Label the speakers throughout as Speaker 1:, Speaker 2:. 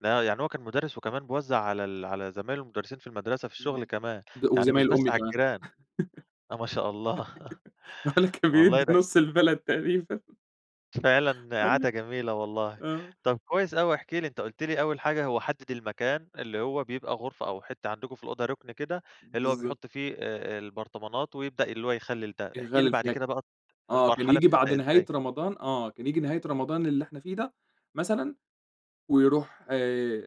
Speaker 1: لا يعني هو كان مدرّس، وكمان بيوزع على ال على زمايل له المدرّسين في المدرسة في الشغل
Speaker 2: إمم،
Speaker 1: كمان،
Speaker 2: ب
Speaker 1: يعني مش
Speaker 2: وزمايل
Speaker 1: بس
Speaker 2: أمي
Speaker 1: على
Speaker 2: كمان،
Speaker 1: الجيران! آه ما شاء الله،
Speaker 2: باقول لك كان
Speaker 1: والله
Speaker 2: بيدّي
Speaker 1: ده
Speaker 2: نُص البلد تقريبًا.
Speaker 1: فعلًا
Speaker 2: أيوه،
Speaker 1: عادة جميلة والله،
Speaker 2: آه.
Speaker 1: طب كويس أوي، احكِ لي أنت قُلت لي أول حاجة هو حدد المكان اللي هو بيبقى غرفة أو حتّة عندكم في الأوضة ركن كده، اللي هو
Speaker 2: بالضبط.
Speaker 1: بيحط فيه آآ، البرطمانات ويبدأ اللي هو يخلل ده، احكِ لي
Speaker 2: يخلل
Speaker 1: بعد
Speaker 2: [unintelligible]
Speaker 1: كده بقى
Speaker 2: آه، كان
Speaker 1: المرحلة
Speaker 2: ييجي بعد
Speaker 1: بتبدأ
Speaker 2: نهاية
Speaker 1: إزاي؟
Speaker 2: رمضان آه، كان ييجي نهاية رمضان اللي إحنا فيه ده مثلًا، ويروح ي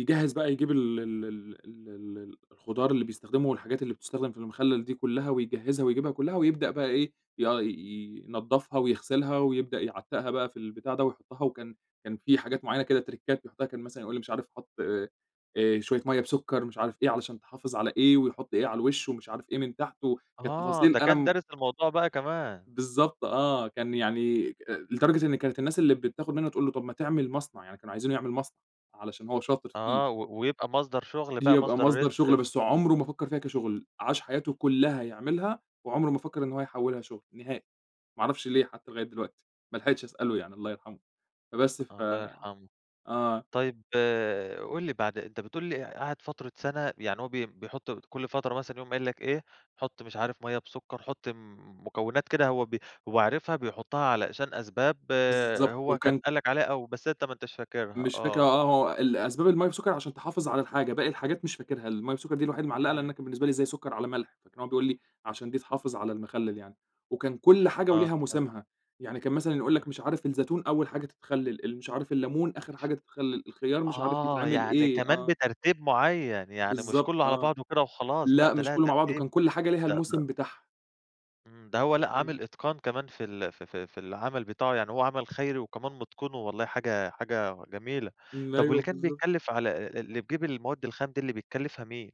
Speaker 2: يجهّز بقى يجيب ال ال ال ال ال الخضار اللي بيستخدمه والحاجات اللي بتُستخدم في المخلل دي كلّها، ويجهّزها ويجيبها كلّها، ويبدأ بقى إيه، يا ي ينضفها ويغسلها ويبدأ يعتّقها بقى في البتاع ده ويحطها، وكان كان في حاجات معيّنة كده تِرِكّات يحطها، كان مثلًا يقُول لي مش عارف حُط آآ، شوية مَيّة بسكر، مش عارف إيه علشان تحافظ على إيه، ويحط إيه على الوش ومش عارف إيه من تحته، كانت
Speaker 1: آه،
Speaker 2: تفاصيل
Speaker 1: ده
Speaker 2: أنا
Speaker 1: كان
Speaker 2: م
Speaker 1: دارس الموضوع بقى كمان.
Speaker 2: بالضبط آه، كان يعني لدرجة إن كانت الناس اللي بتاخد منه تقُول له طب ما تعمل مصنع، يعني كانوا عايزينه يعمل مصنع، علشان هو شاطر فيه.
Speaker 1: آه، و ويبقى مصدر شغل بقى
Speaker 2: يبقى
Speaker 1: مصدر
Speaker 2: مصدر شغل،
Speaker 1: رزق
Speaker 2: بس هو عمره ما فكر فيها كشغل، عاش حياته كلها يعملها وعمره ما فكر إن هو يحوّلها شغل، نهائي، ما اعرفش ليه حتى لغاية دلوقتي، ما لحقتش أسأله يعني، الله يرحمه، فبس ف
Speaker 1: الله يرحمه،
Speaker 2: آه.
Speaker 1: طيب قُل لي بعد أنت بتقُول لي قعد فترة سَنة، يعني هو بي بيحط كُلّ فترة مثلًا يقوم قايل لك إيه، حُط مش عارف مَيّة بسكر، حُط مكونات كده هو ب هو عارفها بيحطها علشان أسباب
Speaker 2: بالضبط
Speaker 1: هو كان
Speaker 2: وكان
Speaker 1: قال لك عليها أو بس أنت ما انتاش فاكرها
Speaker 2: مش فاكر،
Speaker 1: آه.
Speaker 2: آه آه هو ال أسباب المَيّة بسكر عشان تحافظ على الحاجة، باقي الحاجات مش فاكرها، المَيّة بسكر دي الوحيدة اللي معلّقة، لأن أنا
Speaker 1: إمم.
Speaker 2: كان بالنسبة لي إزاي سكرعلى ملح؟! فكان هو بيقُول لي عشان دي تحافظ على المخلل يعني، وكان كُلّ حاجة
Speaker 1: آه
Speaker 2: وليها
Speaker 1: فهمت.
Speaker 2: موسمها، يعني كان مثلًا يقُول
Speaker 1: إمم.
Speaker 2: لك مش عارف الزيتون أول حاجة تتخلل، ال مش عارف الليمون آخر حاجة تتخلل، الخيار مش عارف
Speaker 1: آه،
Speaker 2: يتعمل
Speaker 1: يعني
Speaker 2: إيه،
Speaker 1: كمان
Speaker 2: آه.
Speaker 1: بترتيب معيّن، يعني مش
Speaker 2: بالضبط
Speaker 1: كله على
Speaker 2: آه،
Speaker 1: بعضه وكده وخلاص، لأ
Speaker 2: لأ
Speaker 1: ده
Speaker 2: مش
Speaker 1: لها
Speaker 2: كله مع بعضه
Speaker 1: ترتيب
Speaker 2: كان كل حاجة ليها
Speaker 1: ده ده
Speaker 2: الموسم بتاعها.
Speaker 1: إمم، ده هو لأ
Speaker 2: إمم.
Speaker 1: عامِل إتقان كمان في ال في في في العمَل بتاعه، يعني هو عمل خيري وكمان مُتقِنه، والله حاجة حاجة جميلة، طَب واللي
Speaker 2: أيوه
Speaker 1: كان
Speaker 2: بالضبط.
Speaker 1: بيتكلف على اللي بيجيب المواد الخام دي اللي بيتكلفها مين؟